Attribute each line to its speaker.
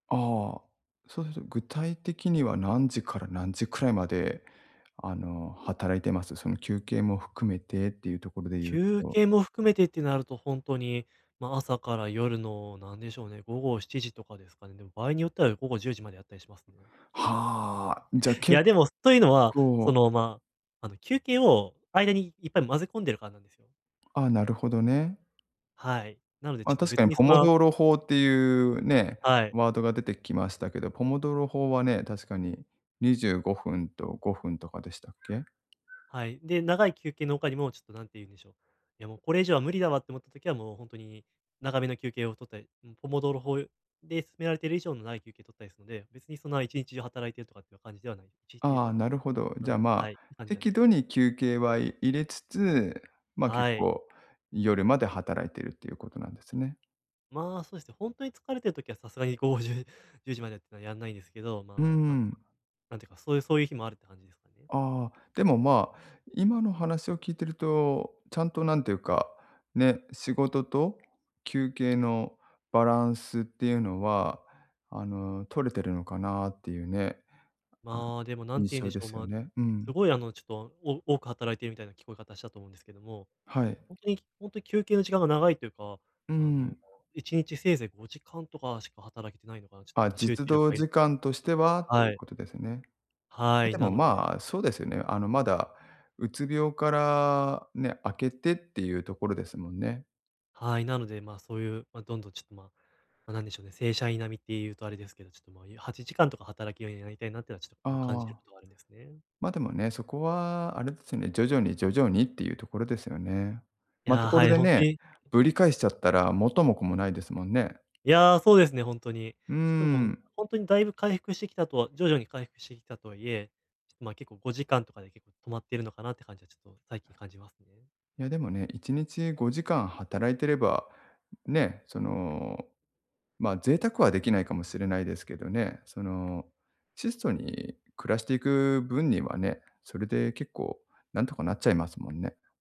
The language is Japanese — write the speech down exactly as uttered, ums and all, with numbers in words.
Speaker 1: ああ、そうすると、具体的には何時から何時くらいまであの、働いてます？その休憩も含めてっていうところで言う
Speaker 2: 休
Speaker 1: と。
Speaker 2: 憩も含めてってなるとほんとに、ま、朝から夜のなんでしょうね、午後しちじとかですかね。でも場合によっては午後じゅうじまでやったりしますね。
Speaker 1: はあ、じゃ
Speaker 2: い
Speaker 1: 結
Speaker 2: や、でも、というのは、そ
Speaker 1: 構
Speaker 2: の、ま、あの、休憩を間にいっぱい混ぜ込んでるからなんですよ。
Speaker 1: ああ、なるほどね。
Speaker 2: はい。なのでちょ
Speaker 1: あ、
Speaker 2: っと
Speaker 1: 確か
Speaker 2: 別
Speaker 1: に
Speaker 2: に
Speaker 1: ポ
Speaker 2: そん
Speaker 1: モ
Speaker 2: な
Speaker 1: ドーロ法っていうね、
Speaker 2: はい。
Speaker 1: ワードが出てきましたけど、ポモドーロ法はね、確かに、にじゅうごふんとごふんとかでしたっけ？
Speaker 2: はい、で、長い休憩の他にもちょっと何て言うんでしょう、「いやもう、これ以上は無理だわ」って思った時はもうほんとに長めの休憩を取ったり、うん、ポモドーロ法で勧められてる以上長い休憩取ったりするので、別にそんな、一日中働いてるとかっていう感じではない。一日中
Speaker 1: あ
Speaker 2: と
Speaker 1: あ、
Speaker 2: かも
Speaker 1: なるほど。
Speaker 2: あ
Speaker 1: じゃあ、
Speaker 2: の、
Speaker 1: ま
Speaker 2: は
Speaker 1: あ、
Speaker 2: い、って感じではな
Speaker 1: 適
Speaker 2: いです。
Speaker 1: 度に休憩は入れつつ、ま、結
Speaker 2: はい。
Speaker 1: 構夜まで働いてるっていうことなんですね。
Speaker 2: まあ、そうですね。ほんとに疲れてる時はさすがに午後じゅうじゅうじまでってのはやんないんですけど、
Speaker 1: うー
Speaker 2: ま、あの、
Speaker 1: ん。
Speaker 2: なんていうかそういうそういう日もあるって感じですかね。
Speaker 1: ああ、でも、ま、今の話を聞いてると、ちゃんと何ていうか、ね、仕事と休憩のバランスっていうのはあの、取れてるのかなっていうね、あの
Speaker 2: まあ、でも何て
Speaker 1: 印
Speaker 2: 言うん
Speaker 1: 象
Speaker 2: でし
Speaker 1: で
Speaker 2: ょう、
Speaker 1: すよ
Speaker 2: ま、
Speaker 1: ね。う
Speaker 2: す
Speaker 1: ん。
Speaker 2: ごいあのちょっと、お多く働いているみたいな聞こえ方したと思うんですけども、
Speaker 1: はい。
Speaker 2: ほんとにほんとに休憩の時間が長いというか、
Speaker 1: う
Speaker 2: あの
Speaker 1: ん。
Speaker 2: いちにちせいぜいごじかんとかしか働けてないのかな、ちょっと、
Speaker 1: あ、
Speaker 2: ま、集
Speaker 1: 実
Speaker 2: 中力
Speaker 1: 働
Speaker 2: がいる
Speaker 1: 時間と
Speaker 2: で、
Speaker 1: してはとい
Speaker 2: は
Speaker 1: う
Speaker 2: い。
Speaker 1: ことですね。
Speaker 2: は
Speaker 1: え、
Speaker 2: い、
Speaker 1: で
Speaker 2: な
Speaker 1: も、
Speaker 2: ので
Speaker 1: まあ、そうですよね。あのまだ、うつ病からね、明けてっていうところですもんね。
Speaker 2: はい、なので、ま、そういう、ま、どんどんちょっと、ま、ま、何でしょうね、正社員並みっていうとあれですけど、ちょっと、ま、ゆはちじかんとか働けるようになりたいなっていうのはちょっと
Speaker 1: あ
Speaker 2: こう、感じてる
Speaker 1: あ。
Speaker 2: ことがあるんですね。
Speaker 1: ま、でもね、そこはあれですね、徐々に、徐々にっていうところですよね。
Speaker 2: い
Speaker 1: また
Speaker 2: や、
Speaker 1: こ
Speaker 2: は
Speaker 1: れ
Speaker 2: い、
Speaker 1: で
Speaker 2: ほんと
Speaker 1: ね、
Speaker 2: にはい。
Speaker 1: ぶり返しちゃったら元も子もないですもんね。
Speaker 2: いや、そうですね、ほんとに。
Speaker 1: うー
Speaker 2: ちょっともう
Speaker 1: ん。
Speaker 2: ほんとに、だいぶ回復してきたとは徐々に回復してきたとはいえ、ちょっとまあ結構ごじかんとかで結構止まってるのかなって感じはちょっと最近感じますね。
Speaker 1: いや、でもね、いちにちごじかん働いてれば、ね、その、ま、贅沢はできないかもしれないですけどね、その質素に暮らしていく分にはね、それで結構何とかなっちゃいますもんね。